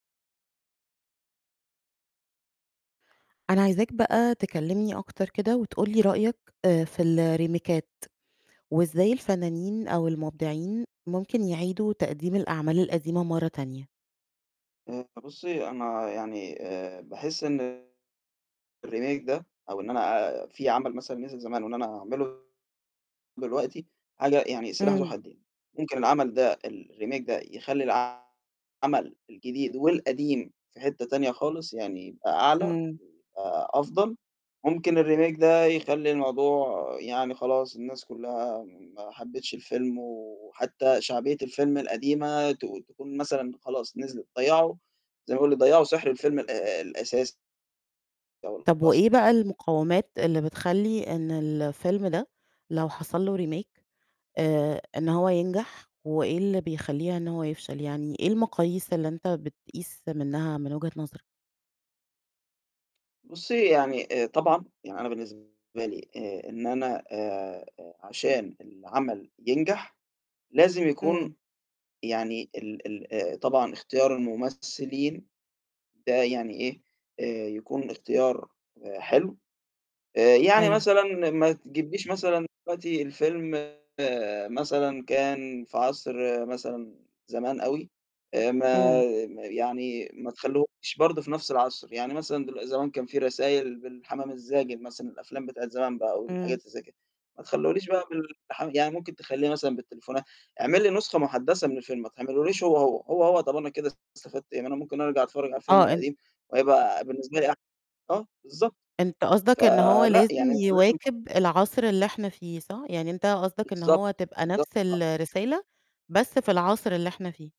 أنا عايزاك بقى تكلمني أكتر كده، وتقول لي رأيك آآ في الريميكات وإزاي الفنانين، أو المبدعين، ممكن يعيدوا تقديم الأعمال القديمة مرة تانية؟ آآ بُصّي، أنا يعني آآ باحس إن الRemake ده، أو إن أنا أ في عمل مثلًا نزل زمان، وإن أنا أعمله دلوقتي حاجة يعني سلاح ذو إمم. حدين، ممكن العمل ده الRemake ده يخلّي العمل الجديد، والقديم في حتة تانية خالص، يعني يبقى أعلى، أ إمم. أفضل، ممكن الRemake ده يخلّي الموضوع يعني خلاص، الناس كلّها ما حبتش الفيلم، وحتى شعبية الفيلم القديمة ت تكون مثلًا خلاص نزلت. ضيّعوا زَي ما يقول لك، ضيّعوا سِحر الفيلم الأ الأساسي. أو طب الأصلي. وإيه بقى المقاومات اللي بتخلّي إن الفيلم ده لو حصل له Remake آآ إن هو ينجح، وإيه اللي بيخلّيها إن هو يفشل؟ يعني إيه المقاييس اللي أنت بتقيس منها، من وجهة نظرك؟ بُصّي، يعني آآ طبعًا يعني أنا بالنسبة لي، آآ إن أنا آآ عشان العمل ينجح، لازم يكون إمم. يعني ال ال آآ طبعًا اختيار الممثلين ده يعني إيه، آآ يكون الاختيار حلو، آآ يعني أيوه. مثلًا ما تجبليش مثلًا دلوقتي الفيلم مثلًا كان في عصر مثلًا زمان أوي، آآ ما إمم. ما يعني ما تخلّيهوش برضه في نفس العصر، يعني مثلًا دلو زمان كان في رسايل بالحمام الزاجل مثلًا، الأفلام بتاعة زمان بقى، والحاجات إمم. اللي زَي كده ما تخلّيهوليش بقى بالح يعني ممكن تخلّيه مثلًا بالتليفونات. اعمل لي نسخة مُحدثة من الفيلم، ما تعملهوليش هو، هو. هو، هو طب أنا كده استفدت إيه؟ ما أنا ممكن أرجع أتفرج على الفيلم آه، أن القديم، وهيبقى بالنسبة لي أح آه، بالضبط. أنت قصدك إن هو فلأ لازم يعني أنت لازم ب يواكب العصر اللي إحنا فيه، صح؟ يعني أنت قصدك إن بالضبط، هو تبقى بالضبط. نفس [unintelligible] الرسالة، بس في العصر اللي إحنا فيه.